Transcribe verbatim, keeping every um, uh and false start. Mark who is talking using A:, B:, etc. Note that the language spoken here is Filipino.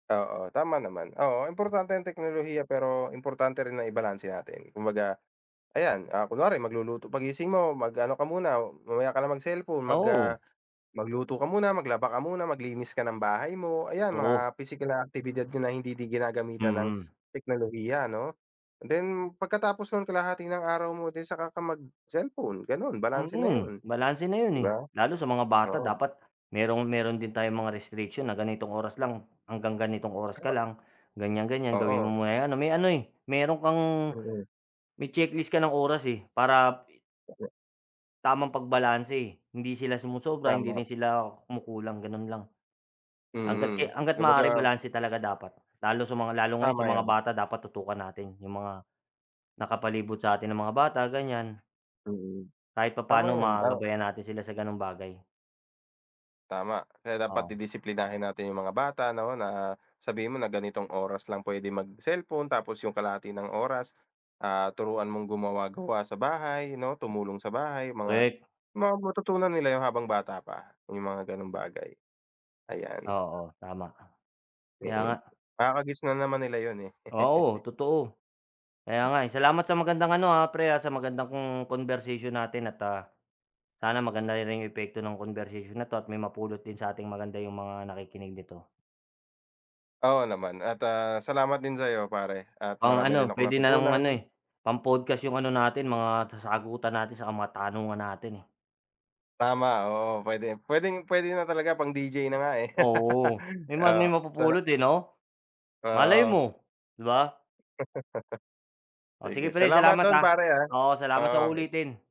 A: Oo tama naman oo importante yung teknolohiya, pero importante rin na ibalanse natin kumbaga ayan. Ah, kunwari magluluto, pag-gising mo mag ano ka muna o mamaya ka na mag cellphone
B: Ah,
A: mag, ah,
B: oo.
A: magluto ka muna, maglaba ka muna, maglinis ka ng bahay mo, ayan
B: Totoo.
A: mga pisikal na aktibidad ka na hindi din ginagamitan ng
B: Mm.
A: teknolohiya ano, then pagkatapos ng kalahati ng araw mo then saka ka mag cellphone ganun balanse na
B: Mhm,
A: yun
B: balanse na yun
A: di
B: eh
A: ba?
B: lalo sa mga bata
A: Oo.
B: dapat merong, meron din tayong mga restriction na ganitong oras lang hanggang ganitong oras ka lang ganyan-ganyan gawin
A: Oo.
B: mo muna yung ano may ano eh, meron kang
A: Mm.
B: may checklist ka ng oras eh para tamang pagbalanse hindi sila sumosobra, hindi
A: Tama.
B: rin sila kumukulang, ganun lang. Hangga't
A: Mm
B: ki hangga't maaari
A: kumbaga
B: balanse talaga dapat lalo sa mga lalo ngayon sa
A: Tama
B: mga
A: yun.
B: bata dapat tutukan natin yung mga nakapalibot sa atin na mga bata ganyan
A: Mm,
B: kahit
A: tama
B: papaano
A: yun, ah
B: magabayan natin sila sa ganung bagay.
A: Tama, kaya dapat
B: Oo.
A: didisiplinahin natin yung mga bata no na sabihin mo na ganitong oras lang pwede mag cellphone tapos yung kalahati ng oras, ah, turuan mong gumawa-gawa sa bahay no tumulong sa bahay mga
B: Korek.
A: mga matutunan nila yun habang bata pa, yung mga ganung bagay, ayan.
B: Oo tama ka, kaya
A: Mm.
B: nga.
A: Kakagisnan naman nila yun eh.
B: Oo totoo. Kaya nga eh, salamat sa magandang ano, ah, pre, ah, sa magandang conversation natin at, ah, sana maganda ri rin yung epekto ng conversation na to at may mapulot din sa ating maganda yung mga nakikinig nito.
A: Oo naman at, ah, salamat din sa iyo pare at marami
B: Pang-ano
A: rin akong
B: pwede na ngang ano
A: natutunan.
B: eh, pang-podcast yung ano natin mga sa sagutan natin saka mga tanungan natin eh.
A: Tama oo pwede, pwedeng-pwede na talaga pang D-J na nga eh.
B: Oo may ma
A: Oo
B: may
A: sala
B: mapupulot eh no? Malay
A: Oo.
B: mo, di ba? Oh
A: Sige
B: sige pre
A: salamat
B: salamat,
A: dun
B: ah,
A: pare, ah,
B: oo salamat sa
A: oo.
B: uulitin.